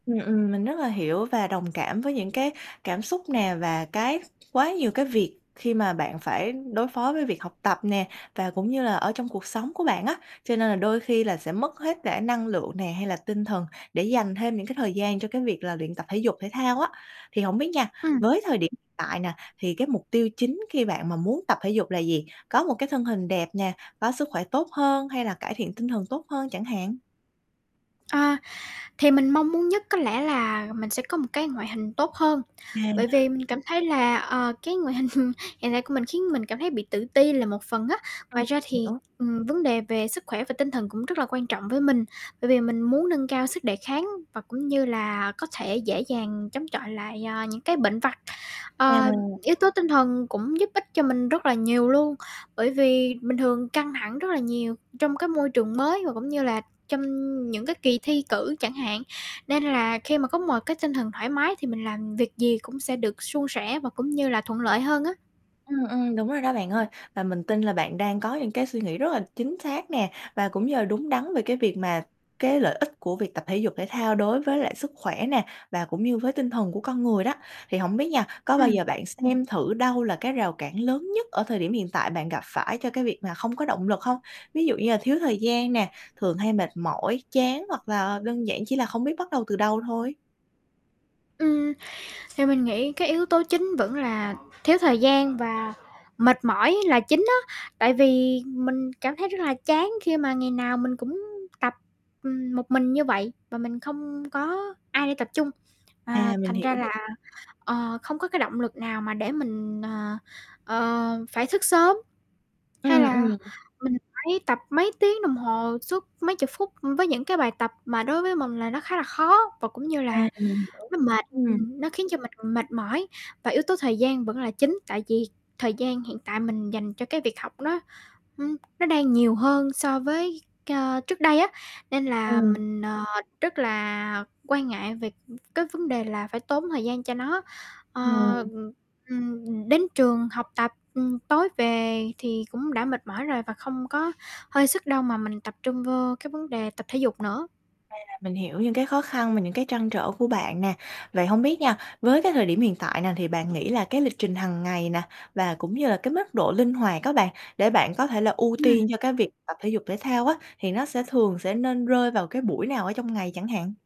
Ừm, ừm, mình rất là hiểu và đồng cảm với những cái cảm xúc nè, và cái quá nhiều cái việc khi mà bạn phải đối phó với việc học tập nè, và cũng như là ở trong cuộc sống của bạn á, cho nên là đôi khi là sẽ mất hết cả năng lượng nè hay là tinh thần để dành thêm những cái thời gian cho cái việc là luyện tập thể dục thể thao á. Thì hổng biết nha, Ừm. với thời điểm hiện tại nè thì cái mục tiêu chính khi bạn mà muốn tập thể dục là gì? Có một cái thân hình đẹp nè, có sức khỏe tốt hơn hay là cải thiện tinh thần tốt hơn chẳng hạn? Ờ, thì mình mong muốn nhất có lẽ là mình sẽ có một cái ngoại hình tốt hơn, bởi À. vì mình cảm thấy là, ờ, cái ngoại hình hiện tại của mình khiến mình cảm thấy bị tự ti là một phần á. Ừm, Ngoài ra mình thì, hiểu. ừm, vấn đề về sức khỏe và tinh thần cũng rất là quan trọng với mình, bởi vì mình muốn nâng cao sức đề kháng và cũng như là có thể dễ dàng chống chọi lại, a, những cái bệnh vặt. Ờ, À. yếu tố tinh thần cũng giúp ích cho mình rất là nhiều luôn, bởi vì bình thường căng thẳng rất là nhiều trong cái môi trường mới và cũng như là trong những cái kỳ thi cử chẳng hạn, nên là khi mà có một cái tinh thần thoải mái thì mình làm việc gì cũng sẽ được suôn sẻ và cũng như là thuận lợi hơn á. Ừm, ừm, đúng rồi đó bạn ơi, và mình tin là bạn đang có những cái suy nghĩ rất là chính xác nè, và cũng như là đúng đắn về cái việc mà cái lợi ích của việc tập thể dục thể thao đối với lại sức khỏe nè, và cũng như với tinh thần của con người đó. Thì hổng biết nha, có bao Ừm. giờ bạn xem thử đâu là cái rào cản lớn nhất ở thời điểm hiện tại bạn gặp phải cho cái việc mà không có động lực hông? Ví dụ như là thiếu thời gian nè, thường hay mệt mỏi, chán hoặc là đơn giản chỉ là không biết bắt đầu từ đâu thôi. Ừm. Thì mình nghĩ cái yếu tố chính vẫn là thiếu thời gian và mệt mỏi là chính á, tại vì mình cảm thấy rất là chán khi mà ngày nào mình cũng tập, ừm, một mình như vậy và mình không có ai đi tập chung, À, à, mình thành hiểu ra là, [unintelligible] ờ, không có cái động lực nào mà để mình, ờ, ờ, phải xức sớm. Hay Ừm, là ừm. mình phải tập mấy tiếng đồng hồ suốt mấy chục phút, ưm, với những cái bài tập mà đối với mình là nó khá là khó và cũng như À, là mình hiểu, nó mệt, ừm. ừm, nó khiến cho mình mệt mỏi, và yếu tố thời gian vẫn là chính, tại vì thời gian hiện tại mình dành cho cái việc học nó, ưm, nó đang nhiều hơn so với, ơ, trước đây á, nên là Ừm. mình, ờ, rất là quan ngại về cái vấn đề là phải tốn thời gian cho nó. Ờ, Ừm. ừm, ừm, đến trường học tập, ừm, tối về thì cũng đã mệt mỏi rồi và không có hơi sức đâu mà mình tập trung vô cái vấn đề tập thể dục nữa. À, mình hiểu những cái khó khăn và những cái trăn trở của bạn nè. Vậy hông biết nha, với cái thời điểm hiện tại nè thì bạn nghĩ là cái lịch trình hàng ngày nè, và cũng như là cái mức độ linh hoạt á, bạn để bạn có thể là ưu Ừm. tiên cho cái việc tập thể dục thể thao á thì nó sẽ thường sẽ nên rơi vào cái buổi nào ở trong ngày chẳng hạn?